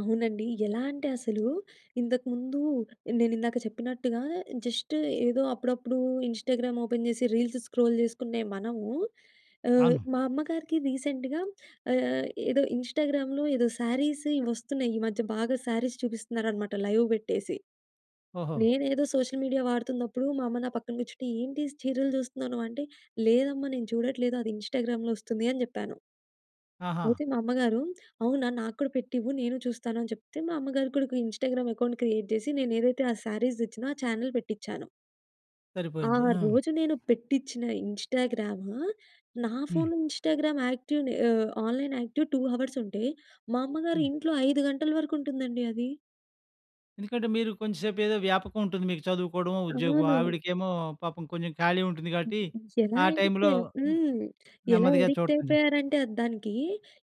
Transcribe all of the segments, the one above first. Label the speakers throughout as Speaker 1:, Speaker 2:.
Speaker 1: అవునండి. ఎలాంటే అసలు ఇంతకుముందు నెన్నిందాక చెప్పినట్టుగా జస్ట్ ఏదో అప్పుడప్పుడు ఇంస్టాగ్రామ్ ఓపెన్ జేసి రీల్స్ స్క్రోల్ జేసుకునే మనము ఆహ్,
Speaker 2: అవును.
Speaker 1: మా అమ్మగారికి రీసెంట్‌గా ఆహ్, ఏదో ఇంస్టాగ్రామ్‌లో ఏదో సారీస్ ఇవొస్తున్నాయి. ఈ మధ్య బాగా సారీస్ చూపిస్తున్నారనమాట లైవ్ బెట్టేసి.
Speaker 2: ఓహో!
Speaker 1: నేనేదో సోషల్ మీడియా వాడుతున్నప్పుడు మా అమ్మ నా పక్కన గూర్చుంటే, ఏంటి చీరలు చూస్తున్నావు నువ్వు అంటే, "లేదమ్మా నేను చూడట్లేదు అది ఇంస్టాగ్రామ్‌లో ఒస్తుంది" అని జెప్పాను.
Speaker 2: ఆహా!
Speaker 1: అయితే మా అమ్మగారు, "అవునా! నాకూడా పెట్టివ్వు నేను చూస్తాను" అని చెప్తే మా అమ్మగారు కూడా ఒక ఇంస్టాగ్రామ్‌లో అకౌంట్ క్రియేట్ జేసి నేనేదైతే ఆ సారీస్ దెచ్చిన ఆ చానెల్ పెట్టించాను. ఆ
Speaker 2: సరిపోయింది. హ్మ్.
Speaker 1: రోజు నేను పెట్టించిన ఇంస్టాగ్రాము నా
Speaker 2: హ్మ్.
Speaker 1: ఫోన్‌లో ఇంస్టాగ్రామ్ యాక్టివ్‌ని ఆహ్, ఆన్లైన్ యాక్టివ్ 2 హవర్స్ ఉంటే, మా అమ్మగారి
Speaker 2: హ్మ్.
Speaker 1: ఇంట్లో 5 గంటల వరకు ఉంటుందండి అది.
Speaker 2: ఎందుకంటే, మీరు కొంచెంసేపు ఏదో వ్యాపకం ఉంటుంది. మీకు చదువుకోవడమో, ఉద్యోగం
Speaker 1: అవును.
Speaker 2: ఆవిడకేమో పాపం కొంచెం ఖాళీగా ఉంటుంది. గాబట్టి
Speaker 1: హుహు. ఎలా
Speaker 2: ఆ
Speaker 1: అడిక్ట్
Speaker 2: టైమ్‌లో హ్మ్.
Speaker 1: హ్మ్. ఎలా
Speaker 2: నెమ్మదిగా
Speaker 1: అడిక్ట్
Speaker 2: చూడడం జరు
Speaker 1: అయిపోయారంటే అద్ దానికి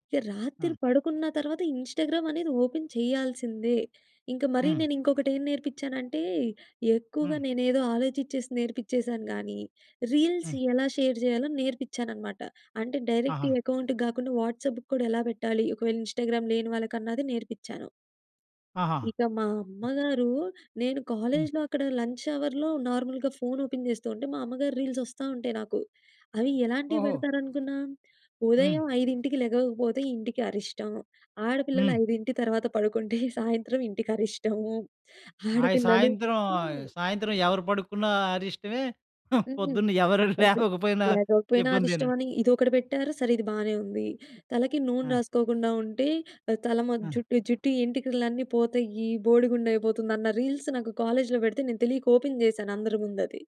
Speaker 1: ఇక రాత్రి
Speaker 2: హ్మ్.
Speaker 1: పడుకున్న తర్వాత ఇంస్టాగ్రామ్ అనేది ఓపెన్ చేయాల్సిందే. ఇంక మరి
Speaker 2: హ్మ్.
Speaker 1: నేను ఇంకొకటి ఏం నేర్పించానంటే, ఎక్కువగా
Speaker 2: హ్మ్.
Speaker 1: నేనేదో ఆలోచిచ్చేసి నేర్పించేసాను గానీ, రీల్స్
Speaker 2: హ్మ్.
Speaker 1: యెలా షేర్ జేయాలో నేర్పించానన్నమాట. అంటే, డైరెక్ట్
Speaker 2: ఆహా!
Speaker 1: అకౌంట్‌కి గాకుండా వాట్సాప్‌‌కి కూడా ఎలా బెట్టాలి. ఒకవేళ ఇంస్టాగ్రామ్ లేని వాళ్ళకన్నది నేర్పించాను.
Speaker 2: ఆహా!
Speaker 1: ఇక మా అమ్మగారు నేను
Speaker 2: హ్మ్.
Speaker 1: కాలేజ్‌లో అక్కడ లంచ్ హవర్‌లో నార్మల్‌గా ఫోన్ ఓపెన్ జేస్తుంటే, మా అమ్మగారి రీల్స్ ఒస్తా ఉంటాయి నాకు. అవి ఎలాంటివి
Speaker 2: ఓహో!
Speaker 1: బెడతారనుకున్నాం?
Speaker 2: హ్మ్.
Speaker 1: ఉదయం 5కి లెగకపోతే ఇంటికి అరిష్టం. ఆడపిల్లలు
Speaker 2: హ్మ్.
Speaker 1: 5 తర్వాత పడుకుంటే, సాయంత్రం ఇంటికరిష్టం.
Speaker 2: ఆయ
Speaker 1: ఆడపిల్లలు
Speaker 2: సాయంత్రం
Speaker 1: హ్మ్.
Speaker 2: సాయంత్రం ఎవరు పడుకున్న అరిష్టమే
Speaker 1: హ్మ్.
Speaker 2: పొద్దున్న ఎవరు
Speaker 1: ఓకే.
Speaker 2: లేవకపోయినా
Speaker 1: లేవలేగాపోయిన
Speaker 2: ఇబ్బందేను.
Speaker 1: అరిష్టమని. ఇదొకటి బెట్టారు, సరే ఇది బానే ఉంది. తలకి నూనె
Speaker 2: ఆ!
Speaker 1: రాసుకోకుండా ఉంటే, ఆహ్, తల మొ
Speaker 2: ఆ!
Speaker 1: జుట్టు జుట్టు ఏంటికలన్నీ పోతాయి. బోడిగుండు అయిపోతుంది. అన్న రీల్స్ నాకు కాలేజ్‌లో బెడితే నేను తెలియక ఓపెన్ జేశాను అందరి ముందది.